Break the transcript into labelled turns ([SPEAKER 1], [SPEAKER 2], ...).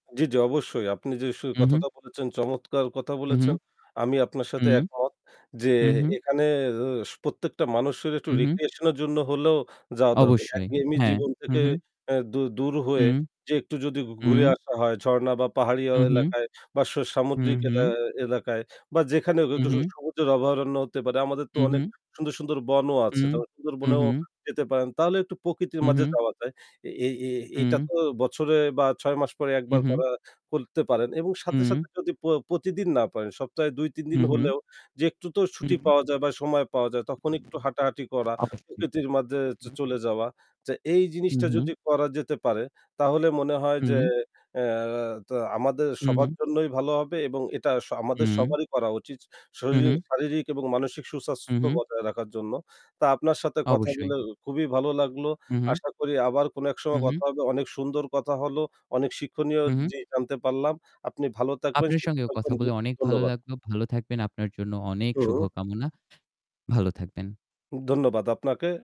[SPEAKER 1] জি, জি অবশ্যই। আপনি যে সু
[SPEAKER 2] উহু।
[SPEAKER 1] কথাটা বলেছেন, চমৎকার কথা
[SPEAKER 2] উহু।
[SPEAKER 1] বলেছেন। আমি আপনার
[SPEAKER 2] হু।
[SPEAKER 1] সাথে একমত যে
[SPEAKER 2] হু, হু।
[SPEAKER 1] এখানের সু প্রত্যেকটা মানুষের একটু
[SPEAKER 2] উহু।
[SPEAKER 1] recreation এর জন্য হলেও যাওয়া দরকার।
[SPEAKER 2] অবশ্যই।
[SPEAKER 1] একঘেয়েমি
[SPEAKER 2] হ্যাঁ,
[SPEAKER 1] জীবন
[SPEAKER 2] হু,
[SPEAKER 1] থেকে
[SPEAKER 2] হু।
[SPEAKER 1] অ্যা দু দূর হয়ে
[SPEAKER 2] হুম।
[SPEAKER 1] যেয়ে একটু যদি
[SPEAKER 2] হুম।
[SPEAKER 1] ঘুরে আসা হয় ঝর্ণা বা পাহাড়ি অ
[SPEAKER 2] উহু।
[SPEAKER 1] এলাকায় বা সু
[SPEAKER 2] হুম,
[SPEAKER 1] সামুদ্রিক
[SPEAKER 2] হুম।
[SPEAKER 1] এলা এলাকায় বা যেখানে হোক একটু স
[SPEAKER 2] উহু।
[SPEAKER 1] সবুজের অভয়ারণ্য হতে পারে। আমাদের তো অনেক
[SPEAKER 2] উহু।
[SPEAKER 1] সুন্দর, সুন্দর বনও আছে।
[SPEAKER 2] হুম।
[SPEAKER 1] তাহলে সুন্দরবনেও
[SPEAKER 2] উহু।
[SPEAKER 1] যেতে পারেন। তাহলে একটু প্রকৃতির
[SPEAKER 2] হু,
[SPEAKER 1] মাঝে
[SPEAKER 2] হু।
[SPEAKER 1] যাওয়া যায়। এই এই, এটা
[SPEAKER 2] হুম।
[SPEAKER 1] তো বছরে বা ৬ মাস পরে ১ বার
[SPEAKER 2] উহু।
[SPEAKER 1] করা করতে পারেন এবং সাথে,
[SPEAKER 2] হুম।
[SPEAKER 1] সাথে যদি প প্রতিদিন না পারেন সপ্তাহে ২-৩
[SPEAKER 2] হু,
[SPEAKER 1] দিন
[SPEAKER 2] হু।
[SPEAKER 1] হলেও যে একটু তো
[SPEAKER 2] হুম।
[SPEAKER 1] ছুটি পাওয়া যায় বা সময় পাওয়া যায় তখন একটু হাঁটাহাঁটি করা,
[SPEAKER 2] অবশ্যই,
[SPEAKER 1] প্রকৃতির মাঝে চ
[SPEAKER 2] হু, হু।
[SPEAKER 1] চলে যাওয়া। যে এই
[SPEAKER 2] হু,
[SPEAKER 1] জিনিসটা
[SPEAKER 2] হু।
[SPEAKER 1] যদি করা যেতে পারে তাহলে মনে হয় যে
[SPEAKER 2] হুম।
[SPEAKER 1] অ্যা টা আমাদের সবার
[SPEAKER 2] হুম।
[SPEAKER 1] জন্যই ভালো হবে এবং এটা স আমাদের
[SPEAKER 2] হুম।
[SPEAKER 1] সবারই করা উচিত শরিরিক
[SPEAKER 2] উহু।
[SPEAKER 1] শারীরিক এবং মানসিক সুস্বাস্থ্য
[SPEAKER 2] উহু।
[SPEAKER 1] বজায় রাখার জন্য। তা আপনার সাথে কথা
[SPEAKER 2] অবশ্যই।
[SPEAKER 1] বলে খুবই ভালো লাগলো।
[SPEAKER 2] উহু।
[SPEAKER 1] আশা করি আবার কোন এক সময়
[SPEAKER 2] উহু।
[SPEAKER 1] কথা হবে। অনেক সুন্দর কথা হলো। অনেক শিক্ষণীয়
[SPEAKER 2] হু, হু।
[SPEAKER 1] জিনিস জানতে পারলাম। আপনি ভালো থাকবেন,
[SPEAKER 2] আপনার
[SPEAKER 1] সুস্থ
[SPEAKER 2] সঙ্গেও
[SPEAKER 1] থাকবেন।
[SPEAKER 2] কথা
[SPEAKER 1] জি
[SPEAKER 2] বলে অনেক ভালো
[SPEAKER 1] ধন্যবাদ।
[SPEAKER 2] লাগলো। ভালো থাকবেন। আপনার জন্য অনেক
[SPEAKER 1] হু।
[SPEAKER 2] শুভকামনা। ভালো থাকবেন।
[SPEAKER 1] ধন্যবাদ আপনাকে।